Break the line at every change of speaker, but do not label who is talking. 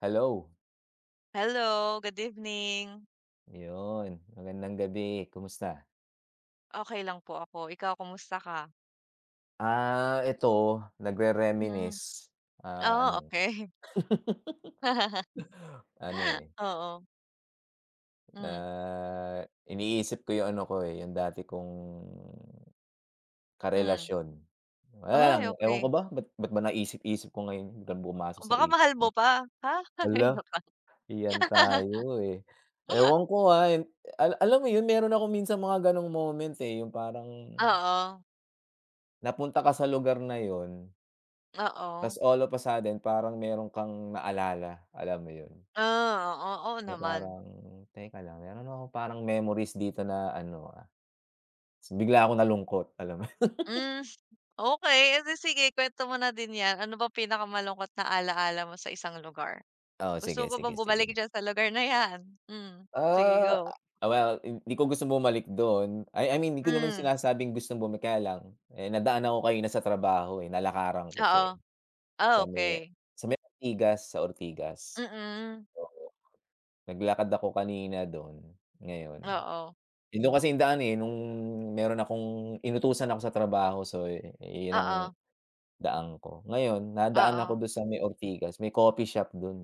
Hello.
Hello, good evening.
Yun, magandang gabi. Kumusta?
Okey lang po ako. Ikaw kumusta ka?
Ah, ito
Mm.
nagrere-reminisce, ah,
Ah,
ano.
okey.
Ano, eh
Oo.
Na
Mm.
iniisip ko yung ano ko, eh, yung dati kong
Mm.
karelasyon. Wala lang.
Ay
Ewan
okey.
ko ba ba't ba't ba naisip-isip ko ngayon biglang pumasok sa
Baka
isip
mahal mo
ko.
pa? Ha! Hay
Hala.
naku.
Iyan tayo, eh. Ewan ko nga ay alam mo yun, meron akong minsan mga gano'ng moment, eh, yung parang
Oo.
napunta ka sa lugar na yun
Oo.
tapos all of a sudden parang meron kang naalala, alam mo yun?
Ah, oo, oo
Na
naman.
parang teka lang, meron akong parang memories dito na ano, ah tapos bigla akong nalungkot. Alam mo yun.
Mm. Okey edi sige kuwento mo na din 'yan. Ano bang pinakamalungkot na ala-ala mo sa isang lugar?
Oh,
Gusto
sige,
mo bang
sige,
bumalik
sige.
diyan sa lugar na 'yan? Mm, sige
Ah,
go.
well, hindi ko gusto bumalik dun, ay I mean 'di ko naman
Mm.
sinasabing gustong bumalik kaya lang, eh, nadaan ako kanina sa trabaho, eh, nalakaran ko siya, eh,
Oo. Ah,
sa may
okey.
sa may Ortigas, sa Ortigas.
Mm.
Oo. Naglakad ako kanina do'n, ngayon
Oo.
eh, dun kasi yung daan, eh, nung meron akong inutusan ako sa trabaho so, yun ang
Oo.
daan ko. Ngayon nadaan ako
Oo.
dun sa may Ortigas, may coffee shop dun, eh.